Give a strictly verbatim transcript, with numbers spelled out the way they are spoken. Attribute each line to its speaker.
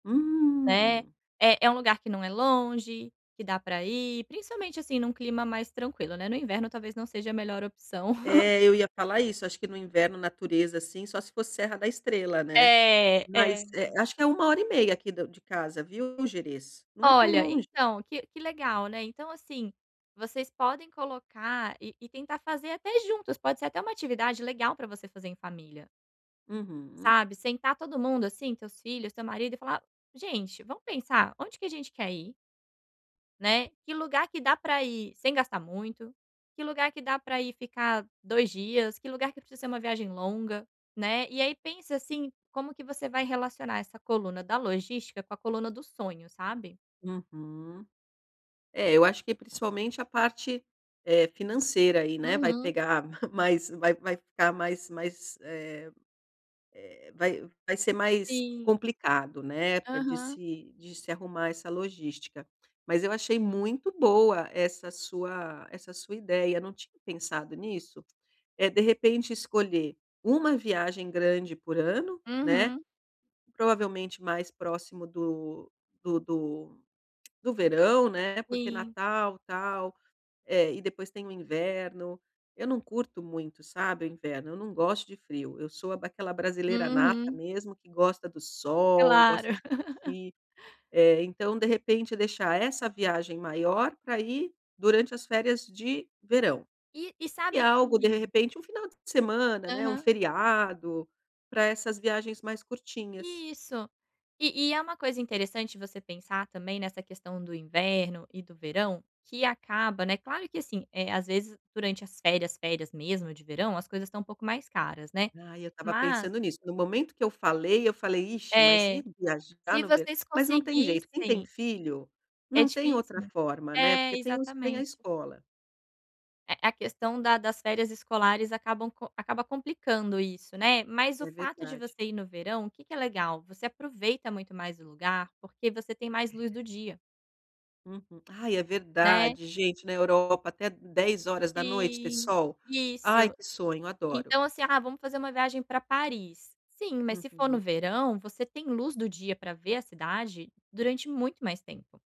Speaker 1: É.
Speaker 2: Hum.
Speaker 1: É é um lugar que não é longe, que dá pra ir, principalmente, assim, num clima mais tranquilo, né, no inverno talvez não seja a melhor opção.
Speaker 2: É, eu ia falar isso, acho que no inverno, natureza, assim, só se for Serra da Estrela, né.
Speaker 1: É,
Speaker 2: Mas,
Speaker 1: é.
Speaker 2: eh, acho que é uma uma e meia aqui do de casa, viu, o Gerês. Não é tão
Speaker 1: Olha,
Speaker 2: longe.
Speaker 1: então que que legal, né, então, assim, vocês podem colocar e e tentar fazer até juntos, pode ser até uma atividade legal pra você fazer em família.
Speaker 2: Uhum.
Speaker 1: Sabe, sentar todo mundo, assim, teus filhos, teu marido e falar: "Gente, vamos pensar onde que a gente quer ir?". Né? Que lugar que dá pra ir sem gastar muito? Que lugar que dá pra ir ficar dois dias? Que lugar que precisa ser uma viagem longa, né? E aí pensa, assim, como que você vai relacionar essa coluna da logística com a coluna do sonho, sabe.
Speaker 2: Uhum. É, eu acho que principalmente a parte, eh, financeira aí, né, vai
Speaker 1: Uhum.
Speaker 2: pegar mais vai vai ficar mais mais, eh eh, vai vai ser mais
Speaker 1: Sim.
Speaker 2: complicado, né, para de
Speaker 1: Aham.
Speaker 2: se de se arrumar essa logística. Mas eu achei muito boa essa sua essa sua ideia, não tinha pensado nisso. É de repente escolher uma viagem grande por ano, né.
Speaker 1: Uhum.
Speaker 2: Provavelmente mais próximo do do do do verão, né, porque
Speaker 1: Sim.
Speaker 2: natal, tal, eh, e depois tem o inverno. Eu não curto muito, sabe, o inverno, eu não gosto de frio, eu sou aquela brasileira nata
Speaker 1: Uhum.
Speaker 2: mesmo que gosta do sol,
Speaker 1: Claro.
Speaker 2: gosta de curtir. Eh, então de repente deixar essa viagem maior pra ir durante as férias de verão.
Speaker 1: E e
Speaker 2: E
Speaker 1: sabe
Speaker 2: algo de
Speaker 1: que
Speaker 2: repente um final de semana, né, um
Speaker 1: Aham.
Speaker 2: feriado, pra essas viagens mais curtinhas.
Speaker 1: Isso. E e é uma coisa interessante você pensar também nessa questão do inverno e do verão, que acaba, né, claro que, assim, às vezes durante as férias, férias mesmo de verão, as coisas estão um pouco mais caras, né.
Speaker 2: Ai, eu estava
Speaker 1: Mas
Speaker 2: pensando nisso. No momento que eu falei, eu falei: "Ixi, mas
Speaker 1: É.
Speaker 2: ir viajar
Speaker 1: Se
Speaker 2: no ver",
Speaker 1: vocês
Speaker 2: mas não tem jeito, quem tem
Speaker 1: conseguissem
Speaker 2: filho
Speaker 1: É
Speaker 2: não tem
Speaker 1: difícil,
Speaker 2: outra
Speaker 1: né.
Speaker 2: forma, né,
Speaker 1: É,
Speaker 2: porque tem os tem a
Speaker 1: exatamente.
Speaker 2: escola.
Speaker 1: A a questão da das férias escolares acabam acaba complicando isso, né. Mas o
Speaker 2: É
Speaker 1: fato de
Speaker 2: verdade.
Speaker 1: você ir no verão, o que que é legal? Você aproveita muito mais o lugar, porque você tem mais
Speaker 2: É.
Speaker 1: luz do dia.
Speaker 2: Uhum. Ai, é
Speaker 1: Né.
Speaker 2: verdade. Gente, na Europa até dez horas da noite ter
Speaker 1: Sim,
Speaker 2: sol. Ai,
Speaker 1: isso.
Speaker 2: que sonho, adoro.
Speaker 1: Então, assim: "Ah, vamos fazer uma viagem pra Paris". Sim, mas se for no
Speaker 2: Uhum.
Speaker 1: verão você tem luz do dia pra ver a cidade durante muito mais tempo.